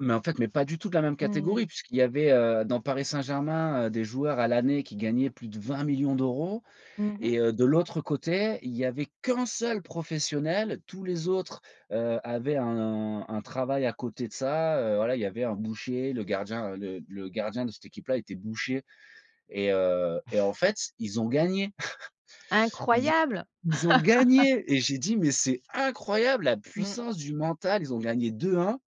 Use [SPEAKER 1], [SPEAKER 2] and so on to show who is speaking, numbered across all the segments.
[SPEAKER 1] Mais, en fait, mais pas du tout de la même
[SPEAKER 2] Mmh.
[SPEAKER 1] catégorie, puisqu'il y avait, heu, dans Paris Saint-Germain, heu, des joueurs à l'année qui gagnaient plus de 20 000 000 d'euros
[SPEAKER 2] Mmh mh.
[SPEAKER 1] et, heu, de l'autre côté, il y avait qu'1 seul professionnel, tous les autres, heu, avaient un un travail à côté de ça, heu, voilà, il y avait un boucher. Le gardien, heu, le le gardien de cette équipe-là, était boucher. Et, heu et en fait, ils ont gagné. Ils ont
[SPEAKER 2] Incroyable.
[SPEAKER 1] ils ont gagné et j'ai dit: «Mais c'est incroyable la
[SPEAKER 2] Mmh.
[SPEAKER 1] puissance du mental», ils ont gagné 2-1.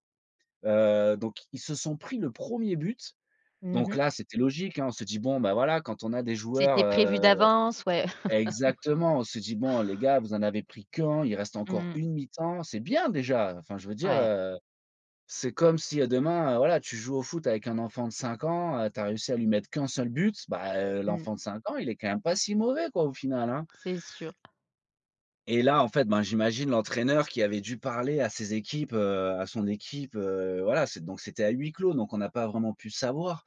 [SPEAKER 1] Heu, donc ils se sont pris le 1er but,
[SPEAKER 2] Mmh
[SPEAKER 1] donc
[SPEAKER 2] mh.
[SPEAKER 1] là c'était logique, hein, on s'est dit: «Bon ben, voilà, quand on a des joueurs,
[SPEAKER 2] C'était prévu
[SPEAKER 1] heu».
[SPEAKER 2] d'avance, ouais.
[SPEAKER 1] Exactement, on se dit: «Bon, les gars vous en avez pris qu'1, il reste encore,
[SPEAKER 2] Mmh.
[SPEAKER 1] 1 mi-temps c'est bien déjà», enfin, je veux dire,
[SPEAKER 2] Ouais.
[SPEAKER 1] heu c'est comme si, heu, demain, heu, voilà, tu joues au foot avec un enfant de 5 ans, heu, tu as réussi à lui mettre qu'1 seul but, ben, heu,
[SPEAKER 2] Mmh.
[SPEAKER 1] l'enfant de 5 ans, il est, quand même, pas si mauvais quoi, au final, hein!
[SPEAKER 2] C'est sûr.
[SPEAKER 1] Et là, en fait, ben, j'imagine l'entraîneur qui avait dû parler à ses équipes, heu, à son équipe, heu, voilà, c'est donc c'était à huis-clos donc on n'a pas vraiment pu savoir.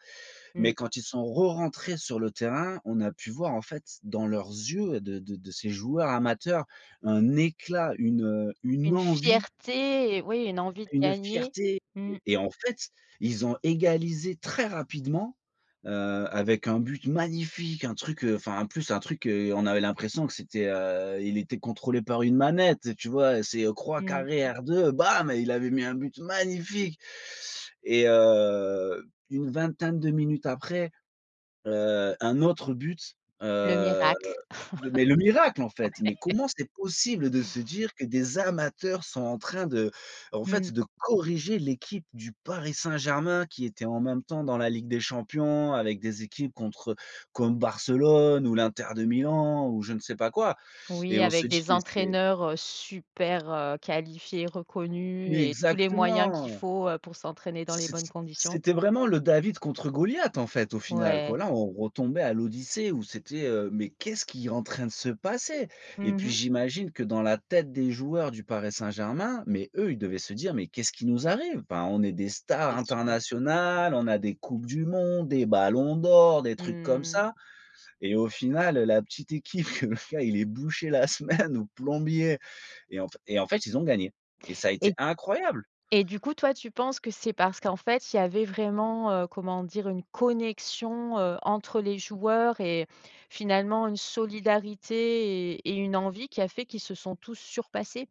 [SPEAKER 1] Mais
[SPEAKER 2] Mmh.
[SPEAKER 1] quand ils sont rerentrés sur le terrain, on a pu voir, en fait, dans leurs yeux, heu, de de de ces joueurs amateurs, un éclat, une, heu, une
[SPEAKER 2] Une
[SPEAKER 1] envie
[SPEAKER 2] fierté et oui, une envie de
[SPEAKER 1] une
[SPEAKER 2] gagner,
[SPEAKER 1] fierté
[SPEAKER 2] mmh.
[SPEAKER 1] et en fait, ils ont égalisé très rapidement, heu, avec un but magnifique, un truc, heu enfin, en plus, un truc, heu, on avait l'impression que c'était, heu il était contrôlé par une manette, tu vois? C'est, heu, croix,
[SPEAKER 2] Mmh mh.
[SPEAKER 1] carré, R2, bam et il avait mis un but magnifique! Et heu, une vingtaine de minutes après, heu, un autre but,
[SPEAKER 2] Le
[SPEAKER 1] heu,
[SPEAKER 2] miracle.
[SPEAKER 1] de mais le miracle, en fait! Mais
[SPEAKER 2] Ouais!
[SPEAKER 1] comment c'est possible de se dire que des amateurs sont en train de en fait,
[SPEAKER 2] Mmh.
[SPEAKER 1] de corriger l'équipe du Paris Saint-Germain, qui était, en même temps, dans la Ligue des champions avec des équipes contre eux, comme Barcelone ou l'Inter de Milan ou, je ne sais pas quoi. Et
[SPEAKER 2] Oui,
[SPEAKER 1] on se
[SPEAKER 2] avec
[SPEAKER 1] dit:
[SPEAKER 2] des
[SPEAKER 1] «Mais c'est»
[SPEAKER 2] entraîneurs, heu, super, heu, qualifiés, reconnus
[SPEAKER 1] Mais
[SPEAKER 2] et tous les moyens qu'il
[SPEAKER 1] exactement!
[SPEAKER 2] faut, heu, pour s'entraîner dans les
[SPEAKER 1] C'ét s
[SPEAKER 2] bonnes conditions.
[SPEAKER 1] c'était vraiment le David contre Goliath, en fait, au final quoi.
[SPEAKER 2] Ouais.
[SPEAKER 1] Là on retombait à l'Odyssée où c'était, heu: «Mais qu'est-ce qui est en train de se passer»? Et
[SPEAKER 2] Mmh
[SPEAKER 1] puis,
[SPEAKER 2] mh.
[SPEAKER 1] j'imagine que dans la tête des joueurs du Paris Saint-Germain, mais eux, ils devaient se dire: «Mais qu'est-ce qui nous arrive? Enfin on est des stars
[SPEAKER 2] C'est sûr.
[SPEAKER 1] internationales, on a des coupes du monde, des ballons d'or, des trucs comme
[SPEAKER 2] Mmh.
[SPEAKER 1] ça, et au final heu, la petite équipe que le gars il est boucher la semaine ou plombier» et en f et en fait, ils ont gagné. Et ça a été
[SPEAKER 2] Et
[SPEAKER 1] incroyable!
[SPEAKER 2] et du coup, toi tu penses que c'est parce qu'en fait, il y avait vraiment, heu, comment dire? Une connexion, heu, entre les joueurs et finalement une solidarité et et une envie, qui a fait qu'ils se sont tous surpassés?